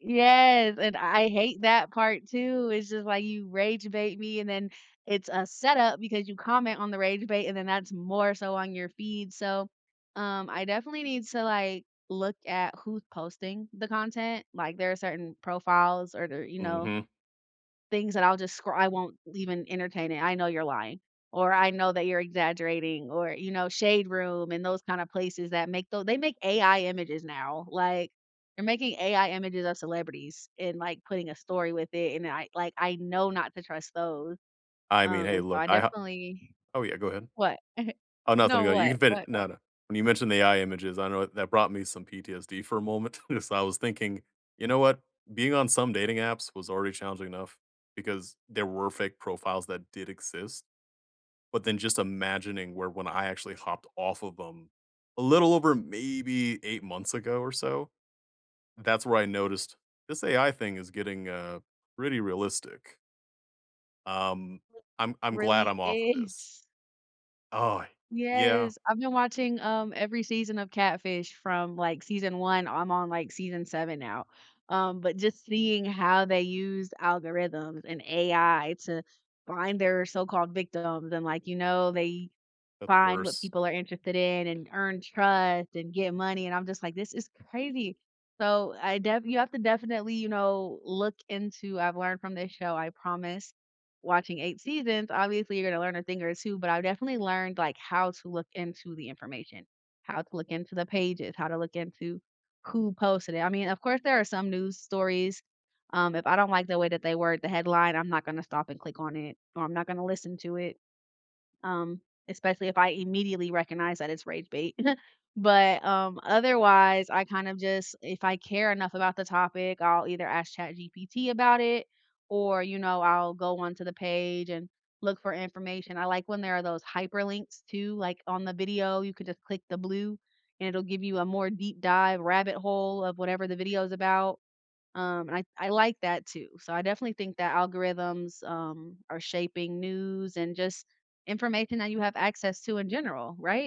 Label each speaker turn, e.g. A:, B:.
A: Yes, and I hate that part too. It's just, "Why you rage bait me?" and then it's a setup because you comment on the rage bait, and then that's more so on your feed, so, um, I definitely need to, like, look at who's posting the content, like, there are certain profiles or, there you know
B: Mhm.
A: things that I'll just scr I won't l even entertain it, "I know you're lying," or, "I know that you're exaggerating," or, you know, shade room and those kinda places that make tho they make AI images now, like, they're making AI images of celebrities and, like, putting a story with it, and I like, I know not to trust those,
B: I mean,
A: um,
B: hey
A: and so
B: look,
A: I
B: I ho
A: definitely
B: oh, yeah, go ahead.
A: What?
B: Oh, nothing
A: No,
B: no, you
A: what?
B: can fini
A: What, what?
B: no, no. When you mentioned AI images, I know it that brought me some PTSD for a moment. Just, I was thinking, "You know what? Being on some dating apps was already challenging enough because there were fake profiles that did exist," but then just imagining where when I actually hopped off of 'em a little over maybe 8 months ago or so, that's where I noticed, "This AI thing is getting, uh, pretty realistic." Um, I'm I'm glad
A: Really
B: I'm off of this.
A: is.
B: Oh, yeah.
A: Yes. I've been watching, um, every season of Catfish from, like, season 1. I'm on, like, season 7 now. Um, but just seeing how they used algorithms and AI to find their so-called "victims," and, like, you know, they
B: That's
A: find what
B: worse.
A: people are interested in and earn trust and get money, and I'm just like, "This is crazy." So, I def you have to definitely, you know, look into I've learned from this show, I promise watching 8 seasons, obviously, you're gonna learn a thing or 2, but I've definitely learned, like, how to look into the information, how to look into the pages, how to look into who posted it. I mean, of course, there are some news stories, um, if I don't like the way that they word the headline, I'm not gonna stop and click on it or I'm not gonna listen to it, um, especially if I immediately recognize that it's rage bait. But, um, otherwise, I kind of just if I care enough about the topic, I'll either ask ChatGPT about it or, you know, I'll go on to the page and look for information. I like when there are those hyperlinks too, like, on the video. You could just click the blue, and it'll give you a more deep dive rabbit hole of whatever the video is about, um, and I I like that too. So, I definitely think that algorithms, um, are shaping news and just information that you have access to in general, right?